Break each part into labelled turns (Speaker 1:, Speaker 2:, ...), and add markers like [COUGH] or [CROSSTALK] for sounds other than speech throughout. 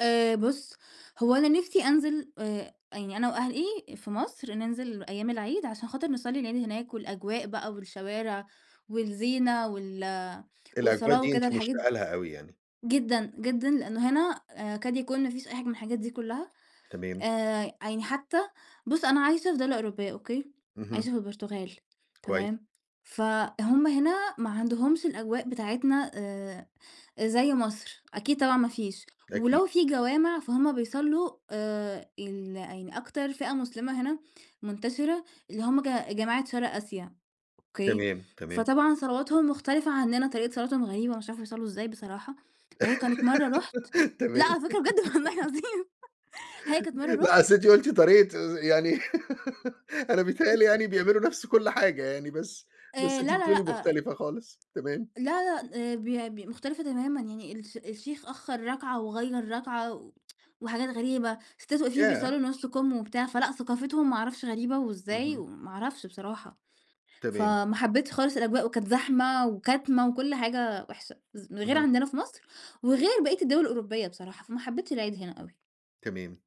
Speaker 1: آآ بُصّ، هو أنا نِفسي أنزِل آآ، يعني أنا وأهلي في مصر ننزِل أيام العيد عشان خاطر نصلّي العيد هناك والأجواء بقى والشوارع والزينة وال
Speaker 2: الأجواء
Speaker 1: والصلاة
Speaker 2: دي
Speaker 1: وكده،
Speaker 2: أنتِ
Speaker 1: الحاجات
Speaker 2: مشتاقة لها أوي يعني.
Speaker 1: جدًا، جدًا، لأنه هنا آآ يكاد يكون ما فيش أي حاجة من الحاجات دي كلّها.
Speaker 2: تمام.
Speaker 1: آآ يعني حتى بُصّ أنا عايشة في دولة أوروبية، أوكي، عايشة
Speaker 2: اهم.
Speaker 1: في البرتغال،
Speaker 2: كويس.
Speaker 1: تمام، فهُم هنا ما عندهُمش الأجواء بتاعتنا آآ زي مصر. أكيد طبعًا ما فيش.
Speaker 2: أكيد.
Speaker 1: ولو فيه جوامِع فهُم بيصلّوا آآ ال يعني أكتر فئة مسلِمة هنا منتشِرة اللي هُم ج جماعة شرق آسيا، أوكي،
Speaker 2: تمام، تمام.
Speaker 1: فطبعًا صلواتهم مختلِفة عنّنا، طريقة صلاتهم غريبة، مش عارفة بيصلّوا إزاي بصراحة. وهي كانت مرّة رُحت
Speaker 2: [GIGGLES]
Speaker 1: لأ،
Speaker 2: تمام
Speaker 1: على فكرة بجد والله
Speaker 2: [GIGGLES]
Speaker 1: العظيم هي كانت مرّة
Speaker 2: لأ،
Speaker 1: رُحت
Speaker 2: أصل أنتِ قُلتِ طريقة آآ، يعني [GIGGLES] أنا بيتهيّأ لي يعني
Speaker 1: [CHUCKLES]
Speaker 2: بيعملوا نَفس كلّ حاجة يعني، بس بس
Speaker 1: آآ
Speaker 2: أنتِ
Speaker 1: لا، لا،
Speaker 2: بتقولي
Speaker 1: لأ،
Speaker 2: مختلِفة خالص. تمام.
Speaker 1: لا، لا، آآ بي بي مختلِفة تمامًا، يعني الش الشيخ أخّر ركعة وغيّر ركعة و [TSK] وحاجات غريبة. سِتّات واقفين
Speaker 2: ياه!
Speaker 1: بيصلّوا نُص كُم وبتاع، فلأ ثقافتهم ما أعرفش غريبة وإزاي
Speaker 2: اهم.
Speaker 1: وما أعرفش بصراحة.
Speaker 2: تمام.
Speaker 1: فما حبّتش خالص الأجواء، وكانت زحمة وكَتمة وكلّ حاجة وِحشة، ز غير
Speaker 2: اهم.
Speaker 1: عندنا في مصر، وغير بقيّة الدول الأوروبية بصراحة، فما حبّتش العيد هنا أوي.
Speaker 2: تمام.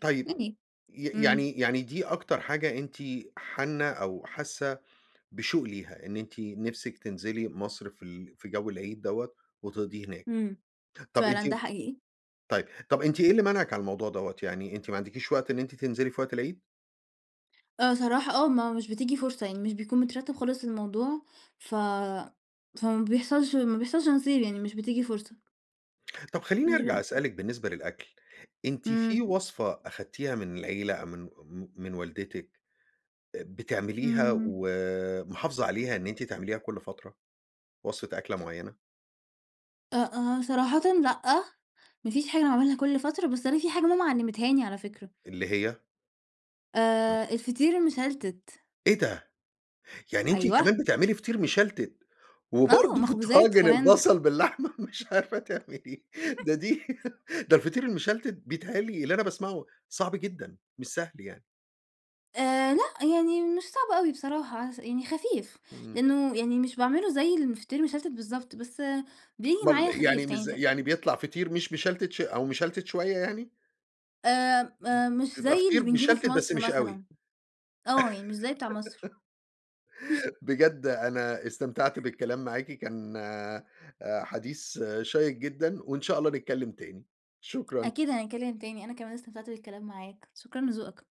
Speaker 2: طيب،
Speaker 1: يعني.
Speaker 2: ي
Speaker 1: امم.
Speaker 2: يعني يعني دي أكتر حاجة أنتِ حانّة أو حاسّة بشوق ليها، إن أنتِ نِفسِك تنزِلي مصر في ال في جو العيد دوّة، وتقضِيه هناك.
Speaker 1: امم.
Speaker 2: طَب أنتِ
Speaker 1: فعلًا ده حقيقي.
Speaker 2: طيب، طَب أنتِ إيه اللي مانعِك على الموضوع دوّة؟ يعني، أنتِ ما عندكيش وقت إن أنتِ تنزِلي في وقت العيد؟
Speaker 1: آه صراحة آه، ما مش بتيجي فرصة يعني، مش بيكون مترتِّب خالص للموضوع، ف فما بيحصَلش ما بيحصَلش نصيب يعني، مش بتيجي فرصة.
Speaker 2: طَب خلّيني
Speaker 1: مش
Speaker 2: أرجَع
Speaker 1: ب
Speaker 2: أسألِك بالنسبة للأكل. أنتِ في
Speaker 1: امم.
Speaker 2: وصفة أخدتيها من العيلة أو من م من والدتِك بتعمليها
Speaker 1: امم.
Speaker 2: ومحافظة عليها إن أنتِ تعمليها كلّ فترة؟ وصفة أكلة معينة؟
Speaker 1: أ آآ صراحةً لأ، ما فيش حاجة أنا باعملها كلّ فترة، بس أنا في حاجة ماما علّمتها لي على فكرة.
Speaker 2: اللي هي؟ امم.
Speaker 1: آآ الفطير المشلتِت.
Speaker 2: إيه ده؟! يعني أنتِ
Speaker 1: أيوة.
Speaker 2: كمان بتعملي فطير مشلتِت!
Speaker 1: آه،
Speaker 2: وبرضه
Speaker 1: مخبوزات
Speaker 2: طاجن
Speaker 1: كمان.
Speaker 2: البصل باللحمة مش عارفة تعمليه؟ ده دي
Speaker 1: [CHUCKLES]
Speaker 2: [LAUGHS] ده الفطير المشلتِت بيتهيّأ لي اللي أنا باسمَعه، صعب جدًا، مش سهل يعني.
Speaker 1: آآ لأ، يعني مش صعب أوي بصراحة، علي أسا يعني خفيف،
Speaker 2: امم.
Speaker 1: لأنه يعني مش باعمله زي الفطير المشلتِت بالضبط، بس بييجي معايا
Speaker 2: أومّال،
Speaker 1: خفيف.
Speaker 2: يعني مش زي
Speaker 1: [UNINTELLIGIBLE]
Speaker 2: يعني بيطلَع فطير مش مشلتِت ش أو مشلتِت شوية يعني؟
Speaker 1: آمم
Speaker 2: امم.
Speaker 1: آآ، مش
Speaker 2: بيبقى
Speaker 1: زي اللي
Speaker 2: فطير
Speaker 1: بنجيبه في
Speaker 2: مشلتِت بس
Speaker 1: مصر
Speaker 2: مش أوي.
Speaker 1: مثلًا. آه، يعني مش زي بتاع مصر. [LAUGHS]
Speaker 2: [GIGGLES] بجد أنا استمتعت بالكلام معاكِ، كان آآ، حديث شيق جدًا، وإن شاء الله نتكلّم تاني. شكرًا.
Speaker 1: أكيد هنتكلّم تاني، أنا كمان استمتعت بالكلام معاك. شكرًا لذوقك.